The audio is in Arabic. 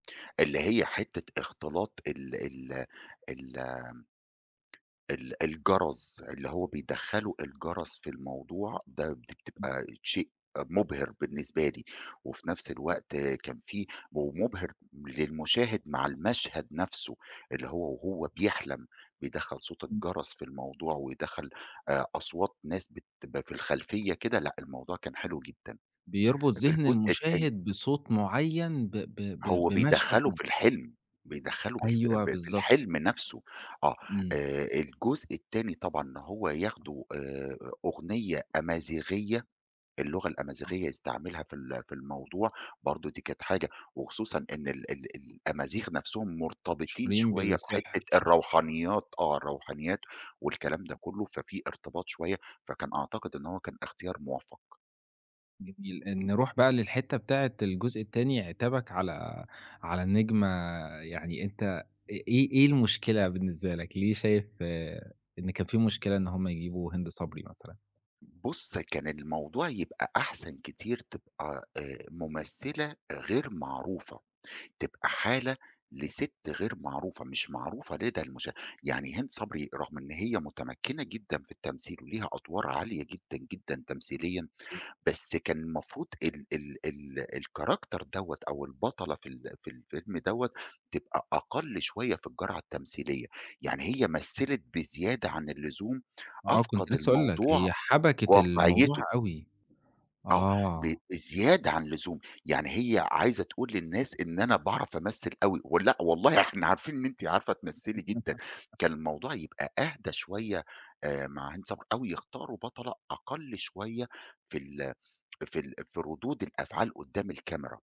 اللي هي حتة اختلاط ال ال ال آمم ال الجَرَس اللي هو بيدَخّلوا الجَرَس في الموضوع ده امم. بتبقى شيء مُبهِر بالنسبة لي، وفي نَفْس الوقت كان فيه ومُبهِر للمُشاهِد مع المشهد نَفْسُه اللي هو وهو بيحلم بيدَخّل صوت امم. الجَرَس في الموضوع ويدَخَّل آآ، أصوات ناس بتبقى في الخلفية كده، لأ، الموضوع كان حلو جدًا بيربُط في ذِهن الجزء التاني. المُشاهد بصوت مُعيّن ب ب ب هو بمشهد بيدَخَّلُه معيّن. في الحِلم، بيدَخَّلُه بالف ف أيوه، في بالضبط. الحِلم نَفْسُه، آه إمم. آآ، الجزء التاني طبعًا هو ياخدُه آآ، أغنية أمازيغية، اللغة آه. الأمازيغية يستعملها في ال في الموضوع برضه دي كانت حاجة وخصوصًا إن ال ال الأمازيغ نَفْسُهم مرتبطين مشهورين شوية بالسحر. بحتة الروحانيات، آه، الروحانيات والكلام ده كُلُّه، ففي ارتباط شوية فكان أعتقد إن هو كان إختيار موفَّق. جميل، نرُوح بقى للحتة بتاعة الجزء التاني، عتابك على على النجمة يعني أنت أ إيه، إيه المشكلة بالنسبة لك؟ ليه شايف آآ، إن كان فيه مشكلة إن هُم يجيبوا هند صبري مثلًا؟ بُصّ، كان الموضوع يبقى أحسن كتير تبقى آآ، ممثلة غير معروفة، تبقى حالة لسِتّ غير معروفة، مش معروفة لدى المش يعني هند صبري رغم إن هي متمكِّنة جدًا في التمثيل وليها أدوار عالية جدًا، جدًا تمثيليًا، بس كان المفروض ال ال ال الCharacter دوَّة أو البطلة في ال في الفيلم دوَّة تبقى أقل شوية في الجرعة التمثيلية، يعني هي مثّلِت بزيادة عن اللزوم، آه، كنت أفقَد لسة هاقول لك، الموضوع هي حَبَكِت الموضوع واقعيتُه. أوي، آه، ب آه. بزيادة عن اللزوم، يعني هي عايزة تقول للناس إن أنا باعرَف أمثِّل أوي، ولأ والله إحنا عارفين إن أنتِ عارفة تمثّلي جدًا، كان الموضوع يبقى أهدى شوية آآ، مع هند صبري أو يختاروا بطلة أقل شوية في ال في ال في ردود الأفعال قُدّام الكاميرا.